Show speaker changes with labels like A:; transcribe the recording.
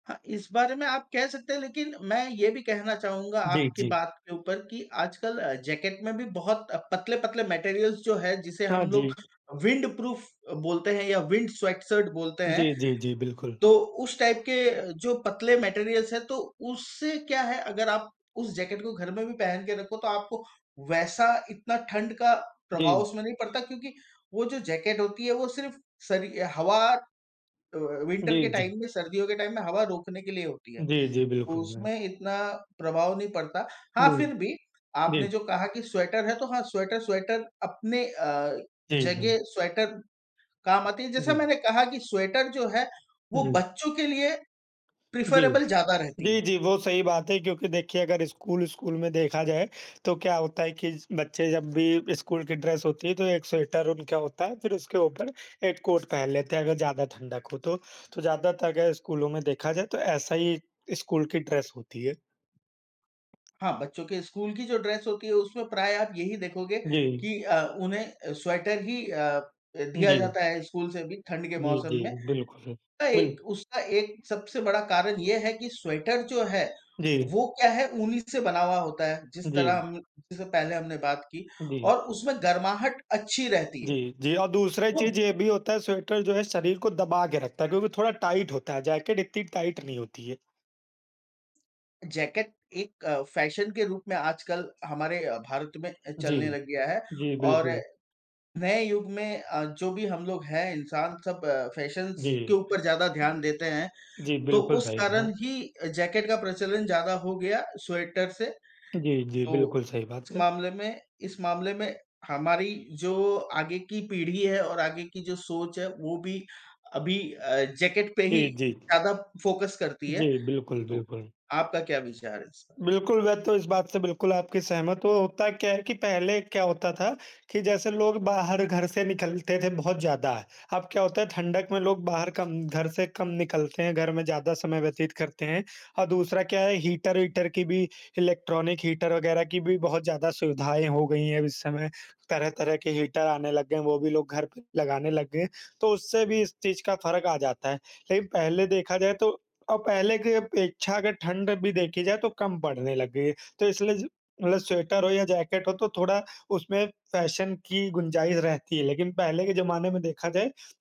A: हाँ, इस बारे में आप कह सकते हैं लेकिन मैं ये भी कहना चाहूँगा
B: जी,
A: आपकी
B: जी।
A: बात के ऊपर कि आजकल अ, जैकेट में भी बहुत पतले-पतले मटेरियल्स जो है जिसे
B: हाँ
A: हम
B: जी।
A: लोग विंडप्रूफ अ, बोलते हैं या विंड स्वेटशर्ट बोलते हैं।
B: जी, जी, जी, बिल्कुल।
A: तो उस टाइप के जो पतले मटेरियल्स हैं, तो उससे क्या है? अगर आप उस जैकेट को घर में भी पहन के रखो तो आपको वैसा इतना ठंड का प्रभाव
B: जी।
A: उसमें नहीं पड़ता, क्योंकि वो जो जैकेट होती है वो सिर्फ़ शरि अ, हवा अ, विन्टर के
B: जी, जी।
A: टाइम में, सर्दियों के टाइम में हवा रोकने के लिए होती है।
B: जी, जी,
A: तो
B: बिल्कुल मैं
A: उसमें इतना प्रभाव नहीं पड़ता, हाँ
B: नहीं,
A: फिर भी
B: जी।
A: आपने जो कहा कि स्वेटर है तो हाँ, स्वेटर स्वेटर अपने अ,
B: जी, हुँ।
A: जगह स्वेटर काम आती है, जैसा
B: जी।
A: मैंने कहा कि स्वेटर जो है, वो
B: जी।
A: बच्चों के लिए
B: जी।
A: प्रेफरेबल ज़्यादा रहती है।
B: जी, जी, वो सही बात है क्योंकि देखिए अगर स्कूल स्कूल में देखा जाए, तो क्या होता है कि ज बच्चे जब भी स्कूल की ड्रेस होती है, तो 1 स्वेटर उनका होता है फिर उसके ऊपर 1 कोट पहन लेते हैं अगर ज़्यादा ठंडक हो तो। तो ज़्यादातर अगर स्कूलो में देखा जाए तो ऐसा ही स्कूल की ड्रेस होती है।
A: हाँ, बच्चों के स्कूल की जो ड्रेस होती है उसमें प्रायः आप यही देखोगे,
B: जी।
A: कि अ, उन्हें अ, स्वेटर ही अ अ, दिया
B: जी।
A: जाता है स्कूल से भी ठंड के
B: जी,
A: मौसम
B: जी,
A: में।
B: बिल्कुल,
A: उसका
B: बिल
A: एक उसका एक सबसे बड़ा कारण ये है, कि स्वेटर जो है
B: जी।
A: वो क्या है, ऊनी से बना हुआ होता है, जिस तरह
B: जी।
A: हम जैसे पहले हमने बात की
B: जी।
A: और उसमें गर्माहट अच्छी रहती है।
B: जी, जी और दूसरी
A: वो
B: चीज़ ये भी होता है स्वेटर जो है शरीर को दबा के रखता है क्योंकि थोड़ा टाइट होता है, जैकेट इतनी टाइट नहीं होती है।
A: जैकेट एक अ, फैशन के रूप में आजकल हमारे अ, भारत में अ,
B: जी।
A: चलने लग गया है
B: जी,
A: और
B: बिल्कुल।
A: नए युग में अ, जो भी हम लोग हैं इंसान सब फैशंस के
B: जी।
A: ऊपर ज़्यादा ध्यान देते हैं,
B: जी,
A: तो
B: बिल्कुल
A: उस
B: सही कहा।
A: कारण ही जैकेट का प्रचलन ज़्यादा हो गया स्वेटर से।
B: जी, जी।
A: तो
B: बिल्कुल सही बात
A: इस
B: है।
A: मामले में इस मामले में हमारी जो आगे की पीढ़ी है और आगे की जो सोच है, वो भी अभी अ, जैकेट पे ही
B: जी, जी।
A: ज़्यादा फोकस करती है,
B: जी, बिल्कुल,
A: तो
B: बिल्कुल।
A: आपका क्या विचार है इसपे?
B: बिल्कुल, मैं तो इस बात से बिल्कुल आपकी सहमत हूँ। होता क्या है कि पहले क्या होता था कि जैसे लोग बाहर घर से निकलते थे बहुत ज़्यादा, अब क्या होता है ठंडक में लोग बाहर कम घर से कम निकलते हैं, घर में ज़्यादा समय व्यतीत करते हैं। और दूसरा क्या है हीटर-वीटर की भी, इलेक्ट्रॉनिक हीटर वग़ैरह की भी बहुत ज़्यादा सुविधाएँ हो गई हैं अब इस समय, तरह-तरह के हीटर आने लग गए हैं, वो भी लोग घर पे लगाने लग गए हैं, तो उससे भी इस चीज़ का फ़र्क आ जाता है। लेकिन पहले देखा जाए तो और पहले की अपेक्षा अगर ठंड भी देखी जाए तो कम पड़ने लग गई है। तो इसलिए जो मतलब स्वेटर हो या जैकेट हो तो थोड़ा उसमें फैशन की गुंजाइश रहती है, लेकिन पहले के ज़माने में देखा जाए